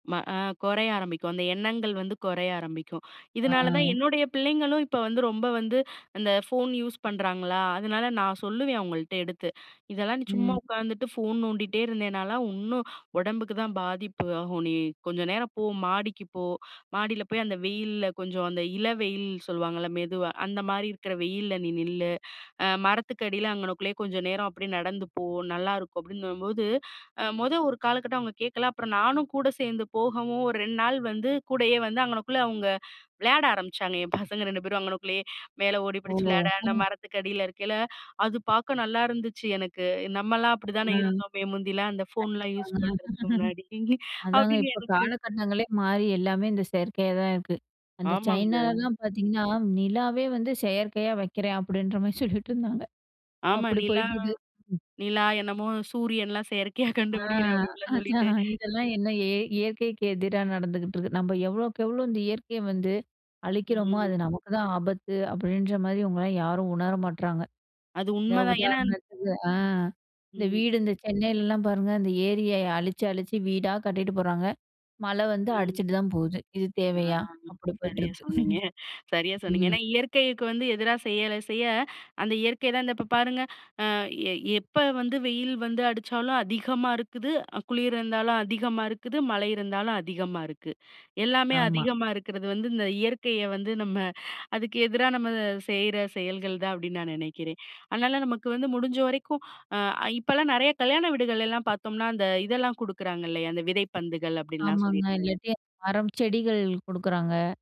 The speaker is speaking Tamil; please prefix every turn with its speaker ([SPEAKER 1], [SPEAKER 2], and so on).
[SPEAKER 1] ஆ கொறைய ஆரம்பிக்கும். அந்த எண்ணங்கள் வந்து கொறைய ஆரம்பிக்கும். இதுனால தான்
[SPEAKER 2] ஆ.
[SPEAKER 1] என்னுடைய பிள்ளைங்களும் இப்ப வந்து, ரொம்ப வந்து அந்த ஃபோன் யூஸ் பண்றாங்களா அதனால நா சொல்லுவேன் அவுங்கள்ட எடுத்து "இதெல்லாம் நீ சும்மா
[SPEAKER 2] ம்.
[SPEAKER 1] உட்காந்துட்டு ஃபோன் நோண்டிட்டே இருந்தேனாலா உன்னும் ஒடம்புக்கு தான் பாதிப்பு ஆகும். நீ கொஞ்ச நேரம் போ, மாடிக்கு போ மாடில போய் அந்த வெயில்ல கொஞ்ச அந்த இளவெயில் சொல்லுவாங்கல்ல மெதுவா, அந்த மாரி இருக்கிற வெயில்ல நீ நில்லு. அ மரத்துக்கடியில அங்கனக்குள்ளயே கொஞ்ச நேர அப்டியே நடந்து போ நல்லாருக்கும்" அப்படின்னும்போது அ மொதோ ஒரு காலகட்டம் அவுங்க கேக்கல. அப்புறம் நானும் கூட சேந்து போகவும், ஒரு 2 நாள் வந்து கூடயே வந்து அங்கனக்குள்ளே அவுங்க விளயாட ஆரம்பிச்சாங்க. என் பசங்க 2 பேரும் அங்கனக்குள்ளயே. மேல ஓடி
[SPEAKER 2] ஓ!
[SPEAKER 1] பிடிச்சு விளயாட அந்த
[SPEAKER 2] ம்.
[SPEAKER 1] மரத்துக்கு அடில இருக்கைல அது பாக்க நல்லாருந்துச்சு எனக்கு! "நம்மல்லாம் அப்படிதானே
[SPEAKER 2] ம்.
[SPEAKER 1] இருந்தோமே முந்திலாம் அந்த ஃபோன்லா
[SPEAKER 2] கண்டிப்பாங்க
[SPEAKER 1] யூஸ் பண்ணுறதுக்கு முன்னாடி"
[SPEAKER 2] அதாங்க
[SPEAKER 1] அப்படின்னு
[SPEAKER 2] இப்ப
[SPEAKER 1] எனக்கு
[SPEAKER 2] காலகட்டங்களே மாறி எல்லாமே இந்த செயற்கையா தான் இருக்கு. அந்த
[SPEAKER 1] ஆமாங்க.
[SPEAKER 2] சைனாலலான் பாத்தீங்கன்னா "நிலாவே வந்து செயற்கையா வக்கிறேன்" அப்படின்ற மாரி சொல்லிட்டு இருந்தாங்க.
[SPEAKER 1] ஆமா.
[SPEAKER 2] அப்படி
[SPEAKER 1] நிலா
[SPEAKER 2] போயிட்டு இருக்கு! ம்.
[SPEAKER 1] நிலா என்னமோ சூரியன்ல்லா செயற்கையா
[SPEAKER 2] ஆ!
[SPEAKER 1] கண்டுபிடிக்கிறேன் அப்டிப்டின்லாம் சொல்லிட்டு.
[SPEAKER 2] அதான் இதெல்லாம் என்ன இய இயற்கைக்கு எதிரா நடந்துகிட்ருக்கு "நம்ப எவ்ளோக்கு எவ்ளோ, இந்த இயற்கைய வந்து அழிக்கிறோமோ, அது
[SPEAKER 1] ம்.
[SPEAKER 2] நமக்கு தான் ஆபத்து" அப்படின்ற மாரி இவங்களலாம் யாரும் உணர மாட்றாங்க.
[SPEAKER 1] அது
[SPEAKER 2] இந்த
[SPEAKER 1] உண்மதான். ஏனா
[SPEAKER 2] உதாரணத்துக்கு அ! இந்த
[SPEAKER 1] ம்.
[SPEAKER 2] வீடு இந்த சென்னையிலலா பாருங்க! இந்த ஏரிய அழிச்சு அழிச்சு வீடா கட்டிட்டு போறாங்க. மழ வந்து
[SPEAKER 1] ம்.
[SPEAKER 2] அடிச்சிட்டு தான் போது. இது
[SPEAKER 1] ஆ.
[SPEAKER 2] தேவையா? அப்படி
[SPEAKER 1] சரியா
[SPEAKER 2] போய்ட்டிருக்கு.
[SPEAKER 1] சொன்னீங்க சரியா சொன்னீங்க. ஏனா
[SPEAKER 2] ம்,
[SPEAKER 1] இயற்கைக்கு வந்து எதிரா செயல செய்ய அந்த இயற்கை தான் இந்த இப்ப பாருங்க. ஆ எ எப்ப வந்து, வெயில் வந்து அடிச்சாலும் அதிகமா இருக்குது, அ குளிர் இருந்தாலும் அதிகமா இருக்குது, மழை இருந்தாலும் அதிகமா இருக்கு. எல்லாமே
[SPEAKER 2] ஆமா.
[SPEAKER 1] அதிகமா இருக்கிறது வந்து இந்த இயற்கைய வந்து நம்ம அதுக்கு எதிரா நம்ம செய்ற செயல்கள் தான் அப்படின் நான் நெனைக்கிறேன். அதனால நமக்கு வந்து முடிஞ்ச வரைக்கும் அ இப்பெலாம் நெறைய கல்யாண வீடுகள்லாம் பாத்தோம்னா, அந்த இதெல்லாம் குடுக்குறாங்க இல்லையா. அந்த "விதைப்பந்துகள்" அப்டின்லாம்
[SPEAKER 2] ஆமாங்க.
[SPEAKER 1] சொல்லிட்டு.
[SPEAKER 2] இல்லாட்டி மரம், செடிகள் குடுக்குறாங்க.